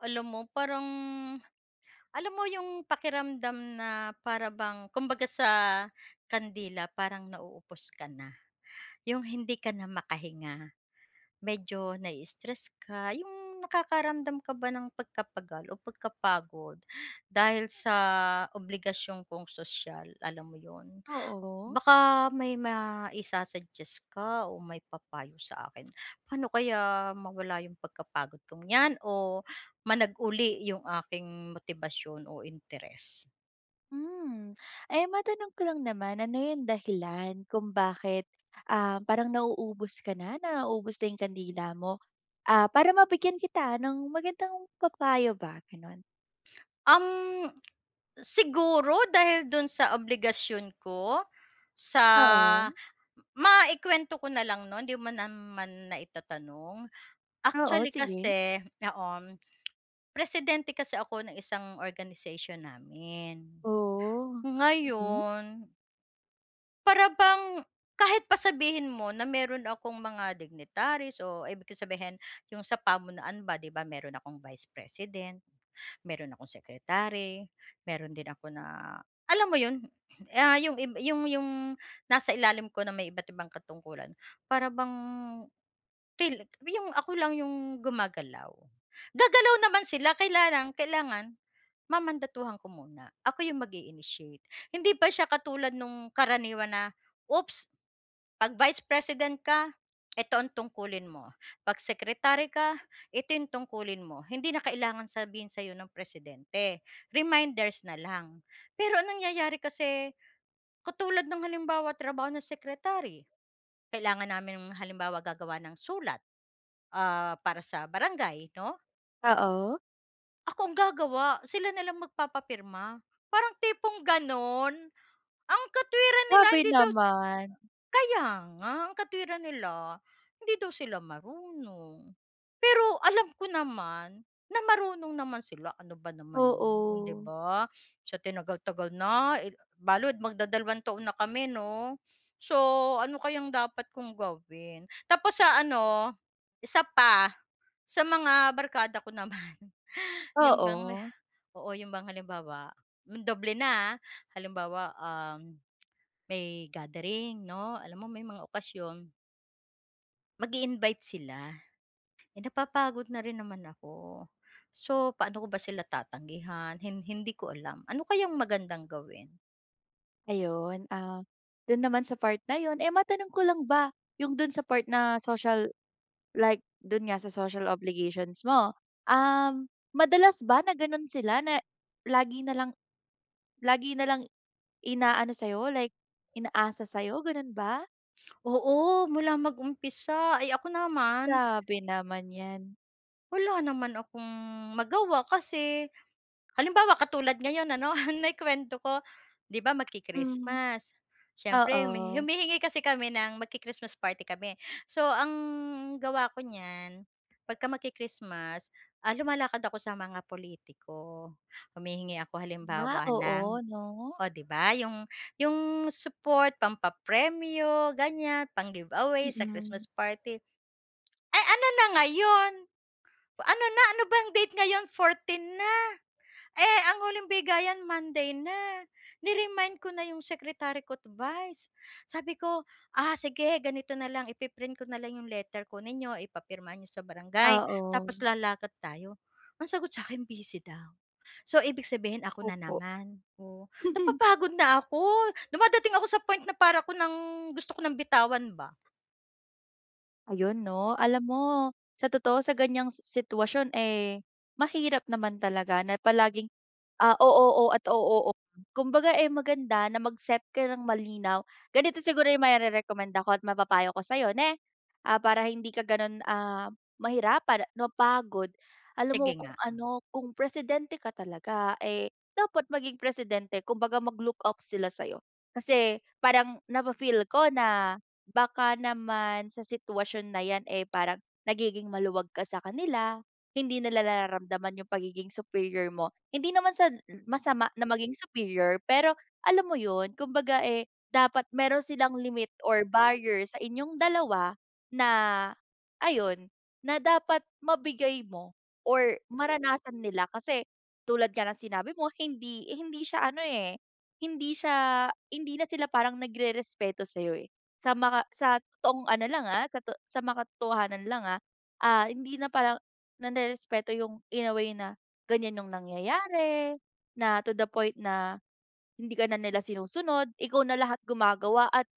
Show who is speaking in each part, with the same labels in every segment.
Speaker 1: Alam mo parang, alam mo yung pakiramdam na para bang kumbaga sa kandila parang nauubos ka na, 'yung hindi ka na makahinga medyo na-istress ka, yung nakakaramdam ka ba ng pagkapagal o pagkapagod dahil sa obligasyon kong sosyal alam mo 'yun,
Speaker 2: Oo.
Speaker 1: baka may maisa-suggest ka o may papayo sa akin paano kaya mawala yung pagkapagod kong yan o managuli yung aking motibasyon o interes?
Speaker 2: Hmm, eh matanong ko lang naman, ano yung dahilan, kung bakit ah parang nauubos ka na, naubos na yung kandila mo ah para mabigyan kita ng magandang pa-payo ba ganon?
Speaker 1: Ang siguro dahil do'n sa obligasyon ko, sa
Speaker 2: Oo.
Speaker 1: maikuwento ko na lang no'n 'di mo naman na itatanong,
Speaker 2: Oo,
Speaker 1: actually
Speaker 2: sige.
Speaker 1: kasi oo, presidente kasi ako ng isang organization namin
Speaker 2: Oh, hmm.
Speaker 1: ngayon Para bang kahit pa sabihin mo na meron akong mga dignitaries, o ibig kong sabihin yung sa pamunuan ba, 'di ba meron akong Vice President, meron akong Secretary, meron din ako na, alam mo 'yon? Ah, yung ib yung yung nasa ilalim ko na may iba't ibang katungkulan, para bang tila yung ako lang yung gumagalaw. Gagalaw naman sila kaya lang, kailangan mamandatuhan ko muna. Ako yung mag-i-initiate. Hindi pa siya katulad nung karaniwan na, oops, 'pag Vice President ka, eto ang tungkulin mo. 'Pag secretary ka, ito yung tungkulin mo. Hindi na kailangan sabihin sa'yo ng presidente, reminders nalang. Pero ang nangyayari kasi, katulad ng halimbawa, trabaho ng secretary, kailangan namin halimbawa gagawa ng sulat, ah, para sa barangay, 'no?
Speaker 2: Oo.
Speaker 1: Ako ang gagawa. Sila na lang magpapapirma. Parang tipong gano'n. Ang katwiran nila,
Speaker 2: Grabe
Speaker 1: hindi daw
Speaker 2: naman.
Speaker 1: kaya nga, ang katwiran nila, hindi daw sila marunong. Pero alam ko naman na marunong naman sila, ano ba naman 'yon, 'di
Speaker 2: Oo.
Speaker 1: ba? Sa tinagal-tagal na eh, balud magdadalawang taon na kami, 'no? So, ano kayang dapat kong gawin? Tapos sa ano, 1 pa, sa mga barkada ko naman, yun bang,
Speaker 2: Oo.
Speaker 1: oo, yung bang halimbawa, hmm, doble na ah, halimbawa, um, may gathering, 'no, alam mo, may mga okasyon. Mag-iinvite sila, napapagod na rin naman ako. So, paano ko ba sila tatanggihan hin hindi ko alam. Ano kayang magandang gawin?
Speaker 2: Ayun, ah, dun naman sa part na yun, eh, matanong ko lang ba yung dun sa part na social like dun nga sa social obligations mo, um, madalas ba na gano'n sila na lagi nalang lagi nalang inaano sa'yo, like inaasa sa'yo, ganun ba?
Speaker 1: Oo, mula mag-umpisa, ay, ako naman
Speaker 2: Grabe naman 'yan.
Speaker 1: wala naman akong magawa kasi halimbawa katulad ngayon ano na yung kuwento ko, 'di ba
Speaker 2: Hmm,
Speaker 1: magki-Christmas, siyempre, humi
Speaker 2: oo.
Speaker 1: humihingi kasi kami ng magki-Christmas party kami. So, ang gawa ko niyan pagka magki-Christmas, ah, lumalakad ako sa mga pulitiko, humihingi ako
Speaker 2: Ah,
Speaker 1: halimbawa ng
Speaker 2: oo, 'no?
Speaker 1: oh, 'di ba, yung yung support, pampapremyo, ganiyan, pang-giveaway sa
Speaker 2: Mm.
Speaker 1: Christmas party. Ay, ano na ngayon, ano na, ano bang date ngayon, 14 na, eh ang huling bigayan Monday na, ni-remind ko na yung secretary ko't vice, sabi ko, "Sige, ganito na lang ipi-print ko nalang yung letter. Kunin ninyo, ipapirma niyo sa barangay tapos
Speaker 2: Oo.
Speaker 1: lalakad tayo." Ang sagot sa'kin busy daw. So, ibig sabihin, ako na
Speaker 2: Opo.
Speaker 1: naman, oo, napapagod na ako. Dumadating ako sa point na para ako ng gusto ko ng bitawan ba.
Speaker 2: Ayun 'no, alam mo sa totoo sa ganyang sitwasyon eh mahirap naman talaga na palaging ah o-oo at o-oo. Kumbaga eh maganda na mag-set ka ng malinaw. Ganito siguro yung marerekomenda ko at mapapayo ko sa'yo na ah para hindi ka ganon ah mahirapan napapagod alam mo
Speaker 1: Sige
Speaker 2: kung
Speaker 1: nga.
Speaker 2: ano kung presidente ka talaga eh dapat maging, presidente kumbaga mag-look off sila sayo kasi parang nafi-feel ko na baka naman sa sitwasyon na yan eh parang nagiging maluwag ka sa kanila. Hindi nila nararamdaman yung pagiging superior mo, hindi naman sa masama na maging superior pero alam mo yun kumbaga eh dapat meron silang limit or barrier sa inyong dalawa na, ayun na dapat mabigay mo or maranasan nila. Kasi tulad nga ng sinabi mo hindi hindi siya ano eh hindi siya hindi na sila parang nagrerespeto sayo eh. Sa mga sa totoong ano lang ah sa sa makatotohanan lang ah, ah hindi na parang narerespeto yung in a way na ganyan yung nangyayari, na to the point na, hindi ka na nila sinusunod ikaw na lahat gumagawa at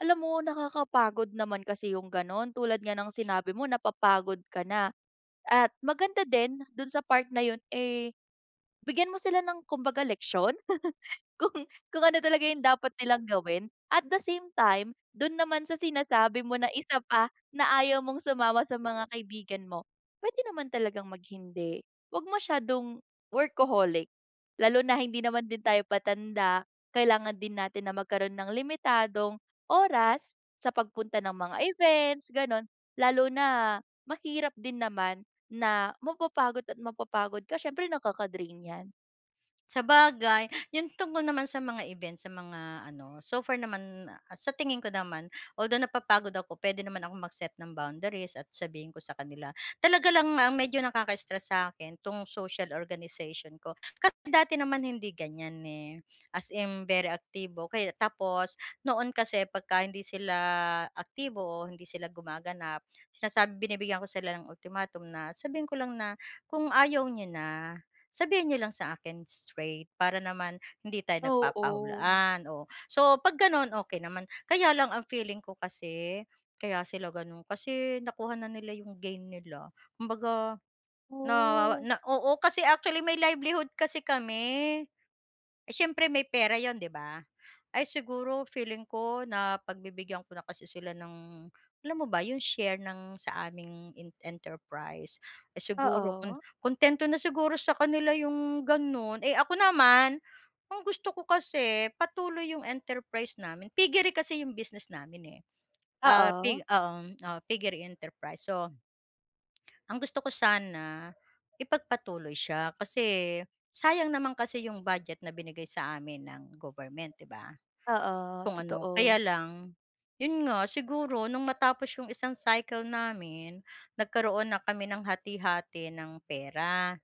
Speaker 2: alam mo nakakapagod naman kasi yung ganon. Tulad nga ng sinabi mo napapagod ka na at maganda din dun sa part na yun eh bigyan mo sila ng kumbaga leksyon kung kung ano talaga yung dapat nilang gawin. At the same time, dun naman sa sinasabi mo na isa pa na ayaw mong sumama sa mga kaibigan mo pwede naman talagang mag-hindi, wag masyadong workaholic lalo na hindi naman din tayo patanda kailangan din natin na magkaroon ng limitadong oras sa pagpunta ng mga events, ganun. Lalo na mahirap din naman na mapapagod at mapapagod ka siyempre nakaka-drain yan.
Speaker 1: Sabagay, yun tungkol naman sa mga event sa mga ano, so far naman sa tingin ko naman, although napapagod ako pwede naman akong mag-set ng boundaries at sabihin ko sa kanila. Talaga lang nga medyo nakaka-stress sa'kin 'tong social organization ko kasi dati naman hindi ganiyan eh. As in very aktibo kay tapos noon kasi pagka hindi sila aktibo o hindi sila gumaganap, sinasab binibigyan ko sila ng ultimatum na sabihin ko lang na, "Kung ayaw niyo na, sabihin niyo lang sa akin straight para naman hindi tayo
Speaker 2: Oo.
Speaker 1: nagpapahulaan." Oh, so 'pag gano'n, okey naman. Kaya lang ang feeling ko kasi kaya sila gano'n kasi nakuha na nila 'yong gain nila. Kumbaga, na
Speaker 2: Oh.
Speaker 1: na oo, kasi actually, may livelihood kasi kami. Siyempre may pera 'yon 'di ba. Ay siguro feeling ko, napagbibigyan ko na kasi sila ng alam mo ba 'yong share ng sa aming in enterprise, siguro kung
Speaker 2: Oo.
Speaker 1: kuntento na siguro sa kanila 'yong gano'n. Eh ako naman, ang gusto ko kasi patuloy 'yong enterprise namin. Piggery kasi 'yong business namin eh. Ah,
Speaker 2: Oo.
Speaker 1: pi u um, ah, piggery enterprise. So ang gusto ko sana, ipagpatuloy siya kasi sayang naman kasi 'yong budget na binigay sa amin ng government 'di ba.
Speaker 2: Oo,
Speaker 1: Kung ano,
Speaker 2: totoo.
Speaker 1: kaya lang, 'yon nga siguro nung matapos 'yong isang cycle namin nagkaroon na kami ng hati-hati ng pera.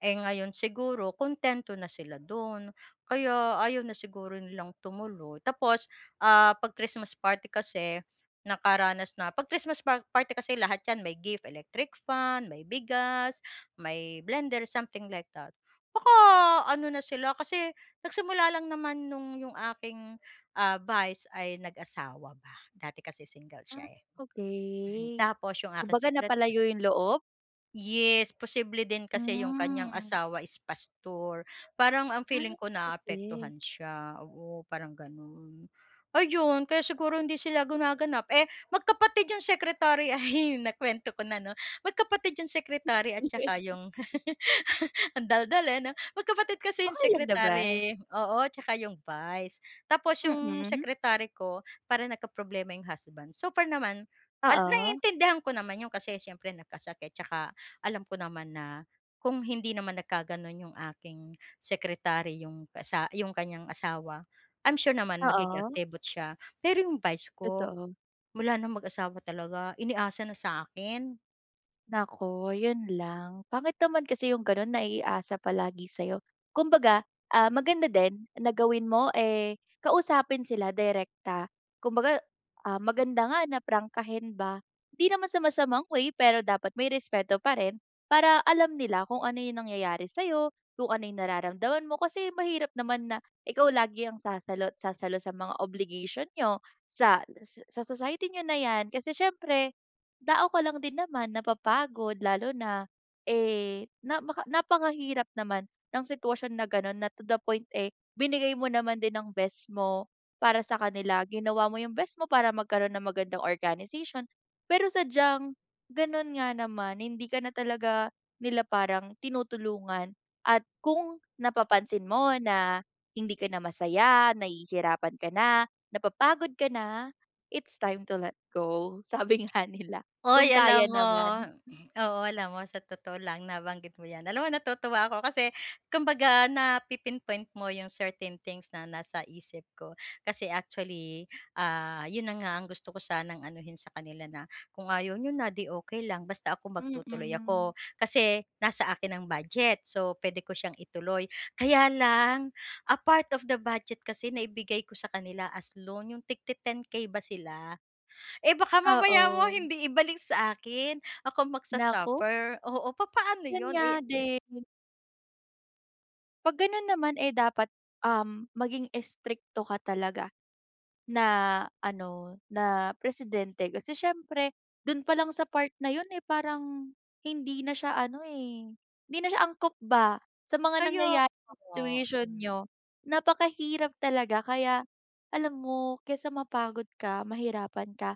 Speaker 1: Eh ngayon siguro, kuntento na sila do'n kaya ayaw na siguro nilang tumuloy. Tapos 'pag Christmas party kasi, nakaranas na 'pag Christmas party kasi lahat 'yan may gift, electric fan, may bigas, may blender, something like that. Baka ano na sila, kasi nagsimula lang naman no'ng 'yong aking, ah, vice, ay nag-asawa ba. Dati kasi single siya
Speaker 2: Ah,
Speaker 1: eh.
Speaker 2: okey.
Speaker 1: Tapos yung aking
Speaker 2: Kumbaga
Speaker 1: secret
Speaker 2: napalayo yung loob?
Speaker 1: Yes, posible din kasi 'yong kanyang
Speaker 2: Hmm.
Speaker 1: asawa is pastor parang ang feeling
Speaker 2: Ah,
Speaker 1: ko
Speaker 2: okey.
Speaker 1: naaapektuhan siya oo parang gano'n. Ayun kaya siguro hindi sila gumaganap magkapatid 'yong secretary ay nakuwento ko na ano, magkapatid 'yong secretary at saka 'yong ang daldal eh, 'no, magkapatid kasi 'yong
Speaker 2: Okey lang naman.
Speaker 1: secretary, oo tsaka 'yong vice tapos 'yong
Speaker 2: Mm.
Speaker 1: secretary ko para nagkaproblema 'yong husband super naman
Speaker 2: Oo.
Speaker 1: naintindihan ko naman 'yon kasi siyempre nagkasakit tsaka alam ko naman na, kung hindi naman nag kaganon 'yong aking secretary 'yong asa 'yong kanyang asawa. I'm sure naman magiging
Speaker 2: Oo.
Speaker 1: activot siya pero 'yong vice ko,
Speaker 2: Totoo.
Speaker 1: mula ng mag-asawa talaga inaasa na sa akin.
Speaker 2: Naku yun lang, pangit naman kasi yung ganon naiasa palagi sa'yo. Kumbaga, ah, maganda din na gawin mo eh kausapin sila direkta kumbaga, ah, maganda nga na prangkahin ba hindi naman sa masamang way pero dapat may respeto pa rin, para alam nila kung ano yung nangyayari sa'yo, kung ano yung nararamdaman mo kasi mahirap naman na ikaw lagi ang sasalo at sasalo sa mga obligation niyo ,sa sa society niyo na 'yan kasi siyempre, tao ka lang din naman napapagod lalo na eh, namaka napakahirap naman ng sitwasyon na gano'n na to the point eh, binigay mo naman din ng best mo para sa kanila ginawa mo yung best mo para magkaroon ng magandang organization pero sadyang ganun nga naman hindi ka na talaga nila parang tinutulungan at kung napapansin mo na hindi ka na masaya, nahihirapan ka na, napapagod ka na, it's time to let go sabi nga nila kung
Speaker 1: Hoy! alam
Speaker 2: kaya
Speaker 1: mo,
Speaker 2: naman.
Speaker 1: oo alam mo sa totoo lang nabanggit mo 'yan alam mo natutuwa ako kasi kumbaga napi-inpoint mo 'yong certain things na nasa isip ko kasi actually, ah, 'yon na nga ang gusto ko sanang anuhin sa kanila na kung ayaw n'yo na 'di okey lang basta ako magtutuloy
Speaker 2: Mm.
Speaker 1: ako kasi nasa akin ang budget so puwede ko siyang ituloy kaya lang a part of the budget kasi naibigay ko sa kanila as loan 'yong tig-ti 10, 10k ba sila eh, baka mamaya mo
Speaker 2: Oo.
Speaker 1: hindi ibalik sa akin ako
Speaker 2: Naku!
Speaker 1: mag-sa-suffer, oo, papaano
Speaker 2: Yun
Speaker 1: yun
Speaker 2: nga
Speaker 1: eh.
Speaker 2: din. 'Pag gano'n naman eh dapat, um, maging strikto ka talaga na ano, na presidente. Kasi siyempre dun palang sa part na yun eh, parang hindi na siya ano eh, hindi na siya angkop ba sa mga
Speaker 1: Kaya
Speaker 2: nangyayari sa
Speaker 1: nga.
Speaker 2: situation niyo, napakahirap talaga, kaya alam mo kaysa mapagod ka, mahirapan ka,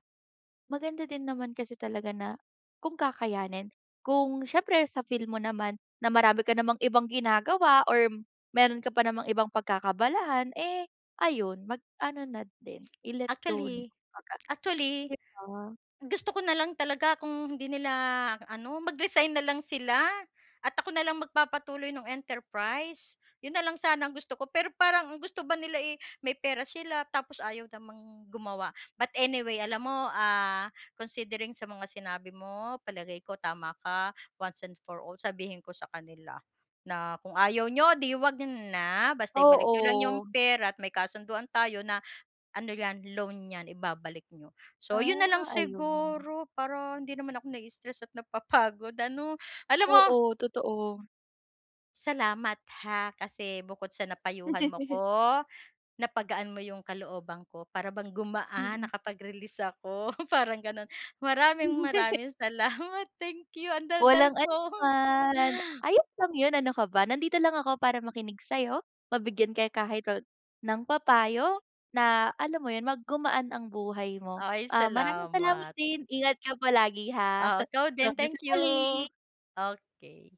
Speaker 2: maganda din naman kasi talaga na kung kakayanin, kung siyempre sa feel mo naman na marami ka namang ibang ginagawa or meron ka pa namang ibang pagkakaabalahan eh, ayun, mag ano na din, i-let go na,
Speaker 1: Actually,
Speaker 2: kumbaga,
Speaker 1: actually,
Speaker 2: di ba?
Speaker 1: gusto ko nalang talaga kung hindi nila ano, mag-resign nalang sila at ako nalang magpapatuloy ng enterprise, yun nalang sana ang gusto ko. Pero parang ang gusto ba nila eh may pera sila tapos ayaw namang gumawa. But anyway alam mo, ah, considering sa mga sinabi mo palagay ko tama ka, once and for all sabihin ko sa kanila na kung ayaw niyo 'di 'wag na, basta ibalik niyo lang yung
Speaker 2: Oo.
Speaker 1: pera at may kasunduan tayo na, ano 'yan, loan 'yan, ibabalik niyo. So, 'yon nalang
Speaker 2: Ah, ayun naman.
Speaker 1: siguro para hindi naman ako nai-stress at napapagod ano. Alam mo
Speaker 2: Oo, totoo.
Speaker 1: Salamat ha kasi bukod sa napayuhan mo ako, napagaan mo yung kalooban ko. Para bang gumaan
Speaker 2: Mm.
Speaker 1: nakapag-release ako, parang gano'n.
Speaker 2: Hindi.
Speaker 1: Maraming-maraming salamat, thank you. Ang daldal
Speaker 2: Walang
Speaker 1: ko.
Speaker 2: anunaman, ano, ayos lang yun ano ka ba. Nandito lang ako para makinig sa'yo, mabigyan ka kahit kon ng pa payo na, alam mo yun, mag gumaan ang buhay mo.
Speaker 1: Ay,
Speaker 2: Ah, maraming salamat
Speaker 1: salamat.
Speaker 2: din. Ingat ka palagi ha.
Speaker 1: Oo, ikaw din.
Speaker 2: Hanggang sa
Speaker 1: Thank you.
Speaker 2: muli.
Speaker 1: Okey.